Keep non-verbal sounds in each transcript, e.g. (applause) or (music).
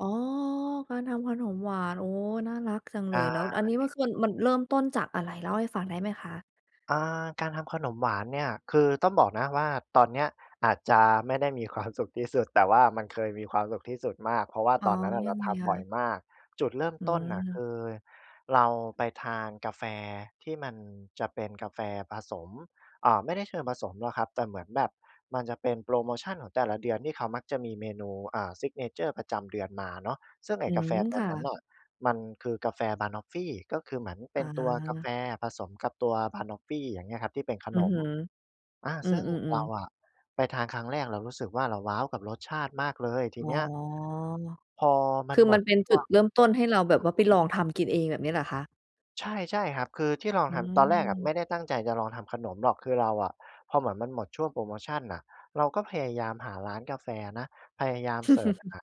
อ๋อ การทำขนมหวาน โอ้! น่ารัก จังเไลย แล้วดอันนี้มัน้ คืน มันเริ่มต้นจากอะไร เล่าให้ฟังได้ไหมคะ? อา การทำขนมหวานเนี่ย คือต้องบอกนะว่า ตอนเนี้ยอาจจะไม่ได้มี ความ สุขที่สุด แต่ว่ามันเคยมีความสุขที่สุดมาก เพราะว่าอ๋ตอ อนนั้นน่ะยเรัางไทงคำบ่อยะ? มาก จุดเริ่มอต้นน่ะคืม ือ เราไปทานกาแฟที่มันจะเป็นกาแฟผสม อ่า ไม่ได้เชิงผสมหรอกครับ แต่เหมือนแบบมันจะเป็นโพรโมชันของแต่ละเดือนที่เขามักจะมีเมนู อ่า ซิกเนเชอร์ประจำเดือนมาเนาะ ซึ่งไออ้ืกาแฟม ตัคว่นั้นะ น่ะ มันคือกาแฟบะนอฟฟี ก็คือเหมือนเป็อนตัวกาแฟา ผสมกับตัวบะนอฟฟี อย่างเงี้ยครับ ที่เป็นขอืนอฮม ึ อา อืซึ่งเรม าๆ ๆ อะ ไปทานครั้งแรกเรารู้สึกว่า เราว้าวกับรสชาติมากเลย! ทีอเน๋อ ี้ย พอมัคนือหมมัดนเป็นชจุ่วดง เริ่มต้น ให้เราแบบว่าไปลองทำกินเอง แบบนี้เหรอคะ? ใช่ ๆ ครับ คือที่ลองอืทำ ตอนแรกอะไม ม่ได้ตั้งใจจะลองทำขนมหรอก คือเราอะ พอเหมือนมันหมดช่วงโพรโมชันน่ะ เราก็พยายามหาร้านกาแฟนะ พยายามเซิร์ช(chuckles) หา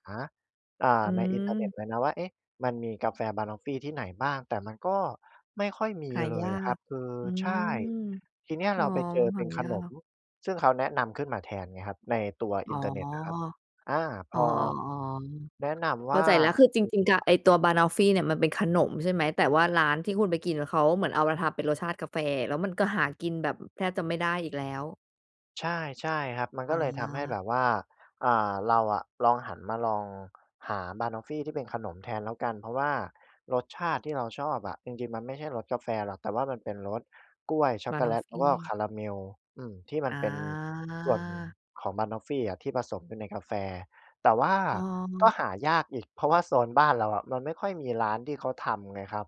อ่า อืในอินเทอร์เน็ตม เลยนะว่า เอ๊ะ! มันมีกาแฟบะนอฟฟีที่ไหนบ้าง แต่มันก็ไม่ค่อยมีหาเลยยาครับ ก คือ อืใชม ่ ทีเนี้ยอเ๋รอ าไปเจอเหป็านขยานม ก ซึ่งเขาแนะนำขึ้นมาแทนไงครับ ในตัวออิ๋อ นเทอร์เน็ตอะครับ อา พอ๋อ อ ๆ แนะนๆ ำเวข้่าา ใจแล้ว คือจริง ๆ ก ไอ้ตัวบะนอฟฟีเนี่ยมันเป็นขนมใช่ไหม? แต่ว่าร้านที่คุณไปกิน เขาเหมือนเอามาทำเป็นรสชาติกาแฟ แล้วมันก็หากินแบบ อ แทบจะไม่ได้อีกแล้ว ใช่ ๆ ครับ มันกอ็เลยทำให้แบา บว่า อ่า เราอะลองหันมาลอง (clicks tongue) หาบะนอฟฟีที่เป็นขนมแทนแล้วกัน เพราะว่ารสชาติที่เราชอบอะ จริง ๆ มันไม่ใช่รสกาแฟหรอก แต่ว่ามันเป็นรสกล้วยช็อบกโะกนแลอฟต ฟแล้วก็คี าราเมล อืม ที่มันอเป็น ส่วนา ของบะนอฟฟีอะที่ผสมอยู่ในกาแฟ แต่ว่าอ้อ ก็หายากอีก เพราะว่าโซนบ้านเราอะ มันไม่ค่อยมีร้านที่เขาทำไงครับ